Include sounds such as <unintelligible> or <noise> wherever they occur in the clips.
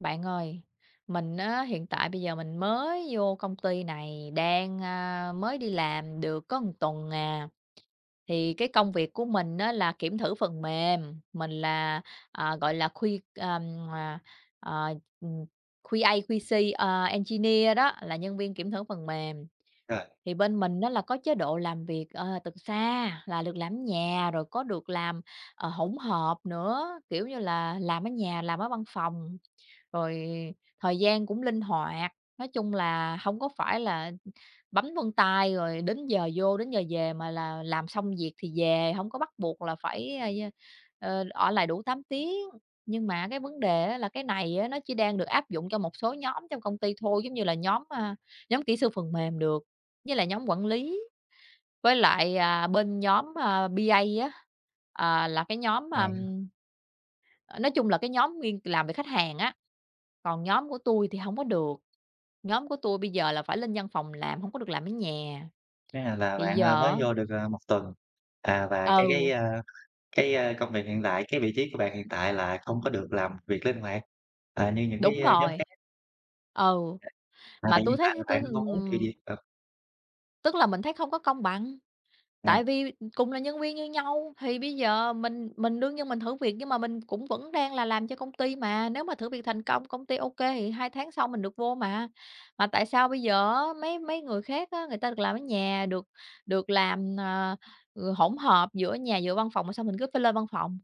Bạn ơi. Mình á hiện tại bây giờ mình mới vô công ty này đang, a, mới đi làm được có một tuần à, thì cái công việc của mình á là kiểm thử phần mềm, mình là, à, gọi là, khuy ừm, ờ, ờ, ừm, QA, QC, ờ, engineer đó là nhân viên kiểm thử phần mềm. Ờ. Thì bên mình á là có chế độ làm việc, ờ, từ xa là được làm ở nhà rồi có được làm, ờ, hỗn hợp nữa, kiểu như là, làm ở nhà, làm ở văn phòng, rồi thời gian cũng linh hoạt. Nói chung là hông có phải là bấm vân tay rồi đến giờ vô đến giờ về mà là làm xong việc thì về, hông có bắt buộc là phải, ơ, ơ, ờ, ở lại đủ 8 tiếng. Nhưng mà cái vấn đề á là cái này á nó chỉ đang được áp dụng cho một số nhóm trong công ty thôi, giống như là nhóm, a, nhóm kỹ sư phần mềm được, với lại nhóm quản lý, với lại, à, bên nhóm, a, BA á, ờ, là cái nhóm, a, À. nói chung là cái nhóm nguyên làm về khách hàng á. Còn nhóm của tui thì hông có được, nhóm của tôi bây giờ là phải lên văn phòng làm hông có được làm ở nhà. À, là Thì bạn, a, giờ mới á vô được, a, 1 tuần, à, và cái cái, Ừ. a, cái, a, công việc hiện tại, cái vị trí của bạn hiện tại là không có được làm việc linh hoạt, à, như những cái, Đúng a, nhóm rồi. khác. Ừ. Ờ. À, Mà vậy tui hiện thấy tại ha là tui, bạn mong muốn điều ừm gì? Ờ. Tức là mình thấy không có công bằng, Ừm. tại vì cùng là nhân viên như nhau thì bây giờ mình mình đương nhiên mình thử việc, nhưng mà mình cũng vẫn đang là làm cho công ty mà, nếu mà thử việc thành công, công ty ô kê thì 2 tháng sau mình được vô mà. Mà tại sao bây giờ á mấy mấy người khác á, người ta được làm ở nhà, được được làm, à, ừ, hỗn hợp giữa nhà giữa văn phòng mà sao mình cứ phải lên văn phòng.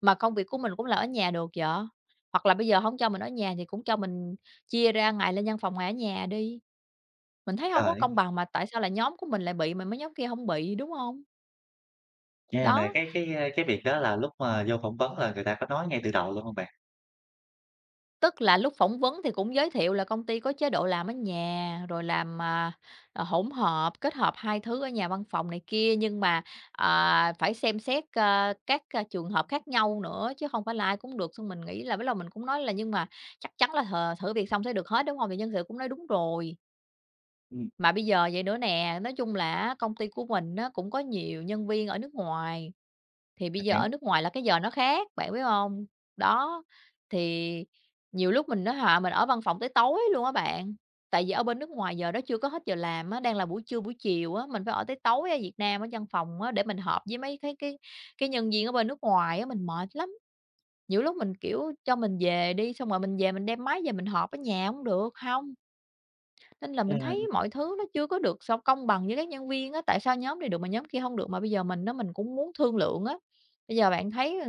Mà công việc của mình cũng làm ở nhà được vậy, hoặc là bây giờ hổng cho mình ở nhà thì cũng cho mình chia ra ngày lên văn phòng, ngày ở nhà đi. Mình thấy hông có công Trời! bằng mà tại sao lại nhóm của mình lại bị mà mấy nhóm kia hông bị, đúng hông? Nghe này Đó. cái cái, a, cái việc đó là lúc mà vô phỏng vấn là người ta có nói ngay từ đầu luôn hông bạn? Tức là lúc phỏng vấn thì cũng giới thiệu là công ty có chế độ làm ở nhà, rồi làm, à, à, hỗn hợp, kết hợp hai thứ ở nhà, văn phòng này kia, nhưng mà, à, phải xem xét, ơ, các c trường hợp khác nhau nữa, chứ không phải là ai cũng được. Xong mình nghĩ là bắt đầu mình cũng nói là nhưng mà chắc chắn là th thử việc xong sẽ được hết, đúng hông? Thì nhân sự cũng nói đúng rồi. Ừm. Mà bây giờ vậy nữa nè, nói chung là á công ty của mình á cũng có nhiều nhân viên ở nước ngoài, thì bây Mình giờ hiểu. ở nước ngoài là cái giờ nó khác, bạn biết hông? Đó, thì nhiều lúc mình nói họ mình ở văn phòng tới tối luôn á bạn, tại vì ở bên nước ngoài giờ đó chưa có hết giờ làm á, đang là buổi trưa, buổi chiều á, mình phải ở tới tối ở Việt Nam ở văn phòng á để mình họp với mấy cái cái cái nhân viên ở bên nước ngoài á, mình mệt lắm. Nhiều lúc mình, kiểu, cho mình về đi, xong rồi mình về mình đem máy về mình họp ở nhà cũng được, hông. Nên là À, mình thấy m mọi thứ nó chưa có được s công bằng với các nhân viên á, tại sao nhóm này được mà nhóm kia hông được, mà bây giờ mình á mình cũng muốn thương lượng á. Bây giờ bạn thấy, à,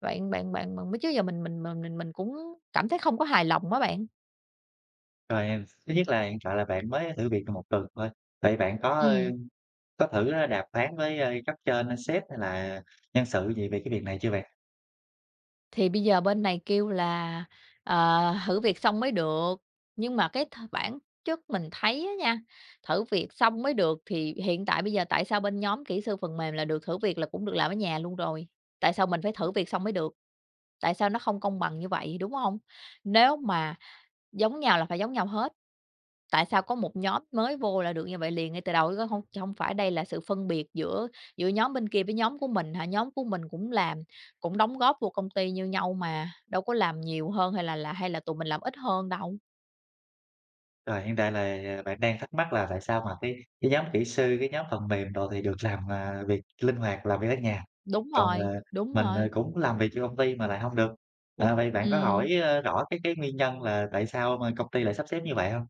bạn bạn bạn bạn chứ giờ mình mình m mình mình cũng cảm thấy không có hài lòng á bạn. Rồi em, thứ nhất là hiện tại là bạn mới thử việc được 1 tuần thôi, vậy bạn có, ơ, Ừm. có thử đàm phán với, ơ, cấp trên hay sếp hay là nhân sự gì về cái việc này chưa bạn? Thì bây giờ bên này kêu là, ờ, thử việc xong mới được, nhưng mà cái th bản chất mình thấy á nha, thử việc xong mới được thì hiện tại bây giờ tại sao bên nhóm kỹ sư phần mềm là được thử việc là cũng được làm ở nhà luôn rồi, tại sao mình phải thử việc xong mới được? Tại sao nó không công bằng như vậy, đúng hông? Nếu mà giống nhau là phải giống nhau hết, tại sao có một nhóm mới vô là được như vậy liền ngay từ đầu chứ có hông cho hông phải đây là sự phân biệt giữa giữa nhóm bên kia với nhóm của mình hả, nhóm của mình cũng làm, cũng đóng góp vô công ty như nhau mà, đâu có làm nhiều hơn hay là là hay là tụi mình làm ít hơn đâu? Rồi, hiện tại là bạn đang thắc mắc là tại sao mà cái cái nhóm kỹ sư, cái nhóm phần mềm đồ thì được làm, à, việc linh hoạt, làm việc ở nhà, Đúng còn, rồi, ờ, đúng mình, ờ, rồi. cũng làm việc cho công ty mà lại hông được. À, vậy bạn có Ừm. hỏi, ơ, rõ cái cái nguyên nhân là tại sao mà công ty lại sắp xếp như vậy hông?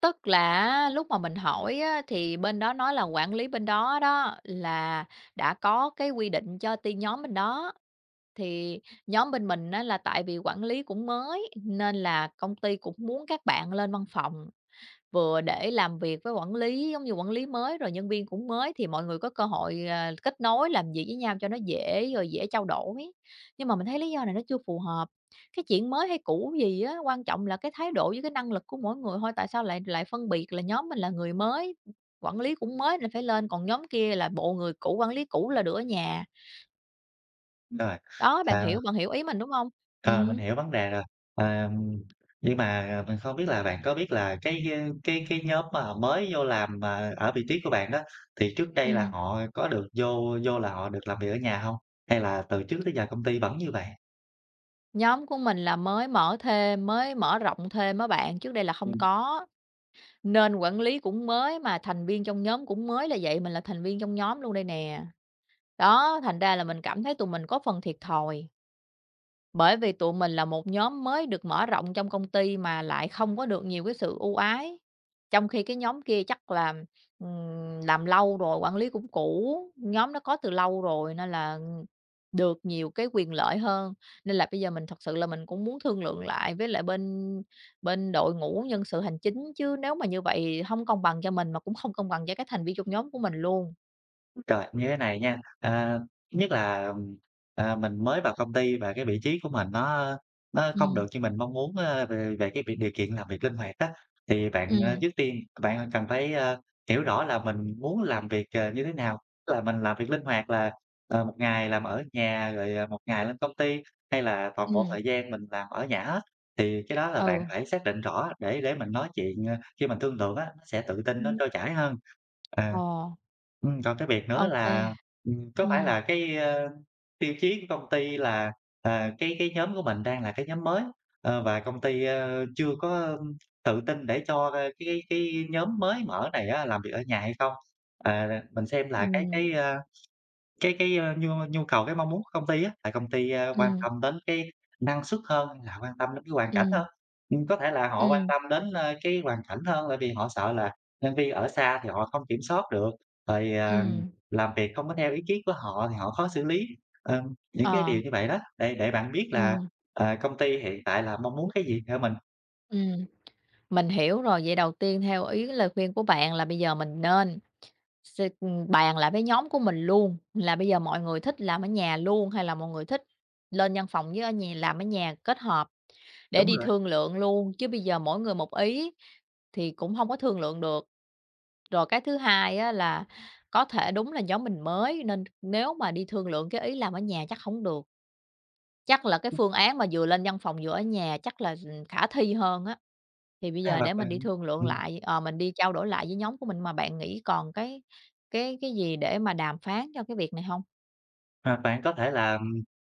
Tức là á, lúc mà mình hỏi á thì bên đó nói là quản lý bên đó đó, là đã có cái quy định cho tiên nhóm bên đó, thì nhóm bên mình á là tại vì quản lý cũng mới nên là công ty cũng muốn các bạn lên văn phòng, vừa để làm việc với quản lý, giống như, quản lý mới rồi nhân viên cũng mới thì mọi người có cơ hội, ờ, kết nối, làm việc với nhau cho nó dễ, rồi dễ trao đổi. Nhưng mà mình thấy lý do này nó chưa phù hợp, cái chuyện mới hay cũ gì á, quan trọng là cái thái độ với cái năng lực của mỗi người thôi, tại sao lại lại phân biệt là nhóm mình là người mới, quản lý cũng mới nên phải lên, còn nhóm kia là bộ người cũ, quản lý cũ là được ở nhà. Rồi, Đó, bạn à hiểu bạn hiểu ý mình, đúng hông? Ờ, mình Ừm. hiểu vấn đề rồi. Ờm, nhưng mà mình không biết là bạn có biết là cái, a, cái cái nhóm mà họ mới vô làm mà ở vị trí của bạn đó, thì trước đây là Ừm. họ có được vô vô là họ được làm việc ở nhà hông? Hay là từ trước tới giờ công ty vẫn như vậy? Nhóm của mình là mới mở thêm, mới mở rộng thêm á bạn, trước đây là không Ừm. có, nên quản lý cũng mới mà thành viên trong nhóm cũng mới là vậy, mình là thành viên trong nhóm luôn đây nè. Đó, thành ra là mình cảm thấy tụi mình có phần thiệt thòi bởi vì tụi mình là một nhóm mới được mở rộng trong công ty mà lại không có được nhiều cái sự ưu ái. Trong khi cái nhóm kia chắc là, ừm, làm lâu rồi, quản lý cũng cũ, nhóm đó có từ lâu rồi nên là được nhiều cái quyền lợi hơn, nên là bây giờ mình thật sự là mình cũng muốn thương lượng lại với lại bên bên đội ngũ nhân sự hành chính, chứ nếu mà như vậy hông công bằng cho mình mà cũng không công bằng cho các thành viên trong nhóm của mình luôn. Ôi trời, như thế này nha. À, thứ nhất là, ừm, à, mình mới vào công ty và cái vị trí của mình nó nó không Ừm. được như mình mong muốn, ơ, về về cái việc điều kiện làm việc linh hoạt á, thì bạn, à, Ừm. trước tiên bạn cần phải, a, hiểu rõ là mình muốn làm việc, ờ, như thế nào, tức là mình làm việc linh hoạt là, ờ, 1 ngày làm ở nhà rồi 1 ngày lên công ty, hay là toàn bộ Ừm. thời gian mình làm ở nhà hết, thì cái đó là bạn Ừ. phải xác định rõ để để mình nói chuyện, ờ, khi mình thương lượng á, sẽ tự tin, nó Ừm. trôi chảy hơn. À, Ờ. ừm, còn cái việc nữa Ô kê, là, ừm, có phải ừm. là cái, ơ, tiêu chí của công ty là, ờ, cái cái nhóm của mình đang là cái nhóm mới, ờ, và công ty, ơ, chưa có tự tin để cho, ơ, cái cái cái nhóm mới mở này á làm việc ở nhà hay không? Ờ, mình xem là cái Ừm. cái, a, cái cái, a, nhu nhu cầu, cái mong muốn của công ty á, là công ty, a, quan Ừm. tâm đến cái năng suất hơn là quan tâm đến cái hoàn cảnh Ừm. hơn. Ừm, có thể là họ quan Ừm. tâm đến, ơ, cái hoàn cảnh hơn, tại vì họ sợ là nhân viên ở xa thì họ không kiểm soát được, rồi, à, Ừm. làm việc không có theo ý kiến của họ thì họ khó xử lý, ờ, những cái Ờ. điều như vậy đó, để để bạn biết là, Ừm. ờ, công ty hiện tại là mong muốn cái gì ở mình. Ừm. Mình hiểu rồi, vậy đầu tiên theo ý cái lời khuyên của bạn là bây giờ mình nên sơ ưm, bàn lại với nhóm của mình luôn, là bây giờ mọi người thích làm ở nhà luôn hay là mọi người thích lên văn phòng với ở nhà làm ở nhà kết hợp, để Đúng đi rồi. thương lượng luôn, chứ bây giờ mỗi người một ý thì cũng hông có thương lượng được. Rồi, cái thứ hai á là có thể đúng là nhóm mình mới nên nếu mà đi thương lượng cái ý làm ở nhà chắc hổng được. Chắc là cái Ừm. phương án mà vừa lên văn phòng vừa ở nhà chắc là, ừm, khả thi hơn á, thì bây À, giờ là để mình đi bạn thương lượng ừm. lại, ờ, mình đi trao đổi lại với nhóm của mình. Mà bạn nghĩ còn cái cái cái gì để mà đàm phán cho cái việc này hông? À, bạn có thể là,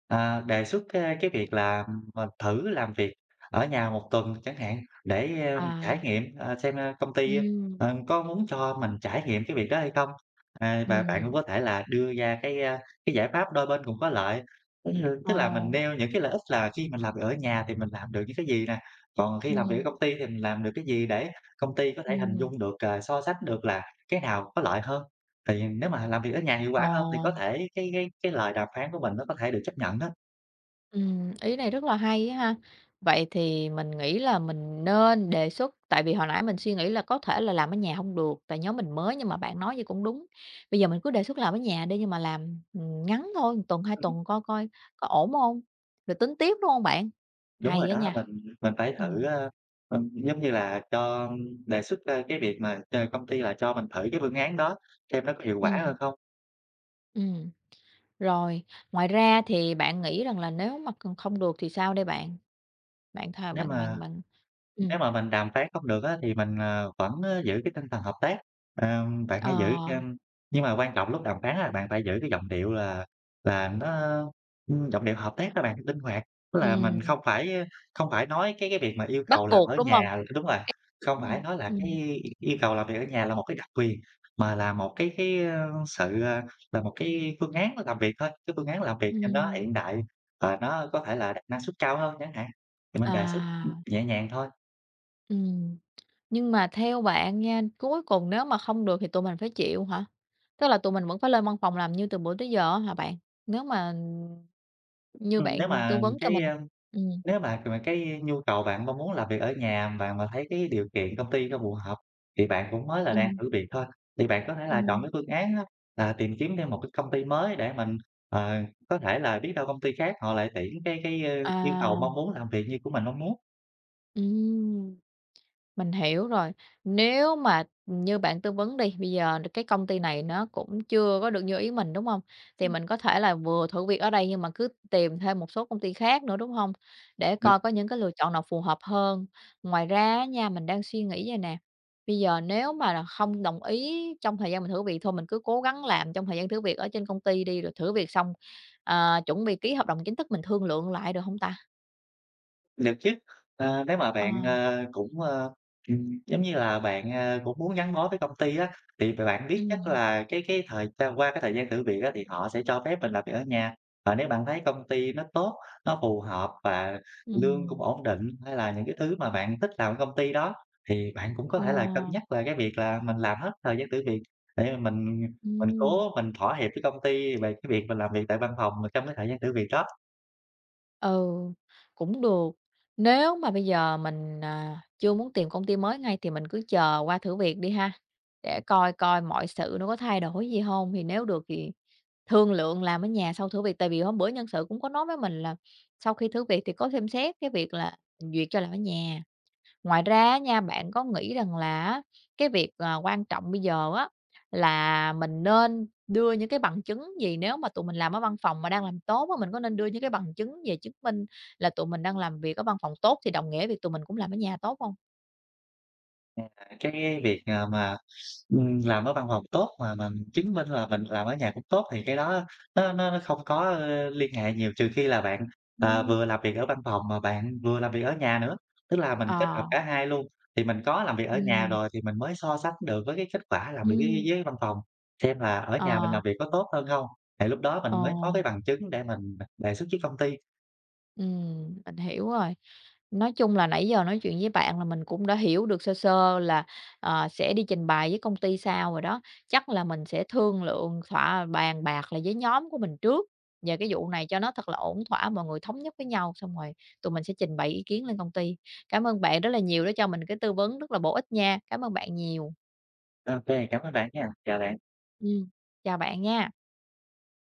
à, đề xuất, a, cái việc là, ờ, thử làm việc ở nhà 1 tuần chẳng hạn để, a, trải À. nghiệm, à, xem công ty, Ừm. a, có muốn cho mình trải nghiệm cái việc đó hay không. À, và bạn cũng Ừm. có thể là đưa ra cái, a, cái giải pháp đôi bên cùng có lợi, giống như, Ờ. tức là mình nêu những cái lợi ích là khi mình làm việc ở nhà thì mình làm được những cái gì nè, còn khi làm việc ở Ừm. công ty thì mình làm được cái gì để công ty có thể hình dung Ừm. được, à, so sánh được là cái nào có lợi hơn. Thì nếu mà làm việc ở nhà hiệu Ờ. quả hơn thì có thể cái cái cái lời đàm phán của mình nó có thể được chấp nhận đó. Ừm, ý này rất là hay á ha, vậy thì mình nghĩ là mình nên đề xuất, tại vì hồi nãy mình suy nghĩ là có thể là làm ở nhà hông được, tại nhóm mình mới, nhưng mà bạn nói vậy cũng đúng, bây giờ mình cứ đề xuất làm ở nhà đi, nhưng mà làm, ừm, ngắn thôi, một tuần, 2 tuần coi coi có ổn hông rồi tính tiếp, đúng hông bạn? Đúng Hay rồi á đó, nha, mình mình phải thử, ừm. ơ, ừm, giống như là, cho đề xuất ra cái việc mà ch công ty là cho mình thử cái phương án đó, xem nó có hiệu quả Ừm. hơn không. Ừm, rồi, ngoài ra thì bạn nghĩ rằng là nếu mà còn không được thì sao đây bạn? Bạn thà Nếu bạn bạn mà bạn nếu ừm. mà mình đàm phán không được á thì mình, ờ, vẫn giữ cái tinh thần hợp tác. Ờm, bạn hãy giữ Ờ. chăm nhưng mà quan trọng lúc đàm phán á bạn phải giữ cái giọng điệu là là nó ưm, giọng điệu hợp tác á bạn, linh hoạt. Tức là Ừm. mình không phải, ơ, không phải nói cái cái việc mà yêu Bắt cầu làm buộc, ở đúng nhà hông? ơ, đúng rồi, <unintelligible> không Đúng rồi, phải nói là ừm. cái yêu cầu làm việc ở nhà là một cái đặc quyền, mà là một cái cái, ơ, sự, à là một cái phương án làm việc thôi, cái phương án làm việc cho nó Ừm. hiện đại và nó có thể là đạt năng suất cao hơn chẳng hạn, thì mình đề xuất, ưm, À. nhẹ nhàng thôi. Ừm, nhưng mà theo bạn nha, cuối cùng nếu mà không được thì tụi mình phải chịu hả? Tức là tụi mình vẫn phải lên văn phòng làm như từ bữa tới giờ á hả bạn? Nếu mà, ừm, như Ừm, nếu bạn tư mà vấn cho cái, mình a ừm. nếu mà mà cái nhu cầu bạn mong muốn làm việc ở nhà bạn mà thấy cái điều kiện công ty cho phù hợp thì bạn cũng mới là đang Ừm. thử việc thôi, thì bạn có thể là chọn Ừm. cái phương án á là tìm kiếm thêm một cái công ty mới để mình, ờ, có thể là biết đâu công ty khác họ lại tuyển cái cái, ơ, yêu cầu À. mong muốn làm việc như của mình mong muốn. Ừm, mình hiểu rồi. Nếu mà, ừm, như bạn tư vấn đi, bây giờ, ờ, cái công ty này nó cũng chưa có được như ý mình, đúng hông? Thì Ừm. mình có thể là vừa thử việc ở đây nhưng mà cứ tìm thêm một số công ty khác nữa, đúng hông? Để Đúng. coi có những cái lựa chọn nào phù hợp hơn. Ngoài ra á nha, mình đang suy nghĩ vậy nè, bây giờ nếu mà là không đồng ý trong thời gian mình thử việc thôi mình cứ cố gắng làm trong thời gian thử việc ở trên công ty đi, rồi thử việc xong, ờ, chuẩn bị ký hợp đồng chính thức mình thương lượng lại được hông ta? Được chứ. A, nếu mà Ờ. bạn, a, cũng, ơ, ừm, giống như là, bạn, a, cũng muốn gắn bó với công ty á, thì b bạn biết chắc Ừm. là cái cái thời gian qua cái thời gian thử việc á thì họ sẽ cho phép mình làm việc ở nhà, và nếu bạn thấy công ty nó tốt, nó phù hợp và lương cũng Ừm. ổn định, hay là những cái thứ mà bạn thích làm ở công ty đó thì bạn cũng có Ờ. thể là cân nhắc về cái việc là mình làm hết thời gian thử việc để mà mình, ừm, mình Ừm. cố mình thỏa hiệp với công ty về cái việc mình làm việc tại văn phòng trong cái thời gian thử việc đó. Ừ, cũng được. Nếu mà bây giờ mình, à, chưa muốn tìm công ty mới ngay thì mình cứ chờ qua thử việc đi ha, để Ừm. coi coi mọi sự nó có thay đổi gì hông, thì nếu được thì thương lượng làm ở nhà sau thử việc, tại vì hôm bữa nhân sự cũng có nói với mình là sau khi thử việc thì có xem xét cái việc là duyệt cho làm ở nhà. Ngoài ra á nha, bạn có nghĩ rằng là á, cái việc, à, quan trọng bây giờ á là mình nên đưa những cái bằng chứng gì nếu mà tụi mình làm ở văn phòng mà đang làm tốt á, mình có nên đưa những cái bằng chứng về chứng minh là tụi mình đang làm việc ở văn phòng tốt thì đồng nghĩa với việc tụi mình cũng làm ở nhà tốt hông? À, cái việc, à, mà, ừm, làm ở văn phòng tốt mà mà mình chứng minh là mình làm ở nhà cũng tốt thì cái đó nó nó nó không có, a, liên hệ nhiều, trừ khi là bạn, ờ, Ừm. vừa làm việc ở văn phòng mà bạn vừa làm việc ở nhà nữa. Tức là mình kết hợp Ờ. cả hai luôn thì mình có làm việc ở nhà Ừm. rồi thì mình mới so sánh được với cái kết quả làm việc dưới dưới Ừm. dưới văn phòng, xem là ở nhà mình Ờ. làm việc có tốt hơn hông, thì lúc đó Ờ. mình mới có cái bằng chứng để mình, à, đề xuất với công ty. Ừm, mình hiểu rồi. Nói chung là nãy giờ nói chuyện với bạn là mình cũng đã hiểu được sơ sơ là, ờ, sẽ đi trình bày với công ty sao rồi đó, chắc là mình sẽ thương lượng, thỏa bàn bạc lại với nhóm của mình trước về cái vụ này cho nó thật là ổn thỏa, mọi người thống nhất với nhau xong rồi tụi mình sẽ trình bày ý kiến lên công ty. Cảm ơn bạn rất là nhiều đã cho mình cái tư vấn rất là bổ ích nha, cảm ơn bạn nhiều. OK, cảm ơn bạn nha, chào bạn. Ừm, chào bạn nha.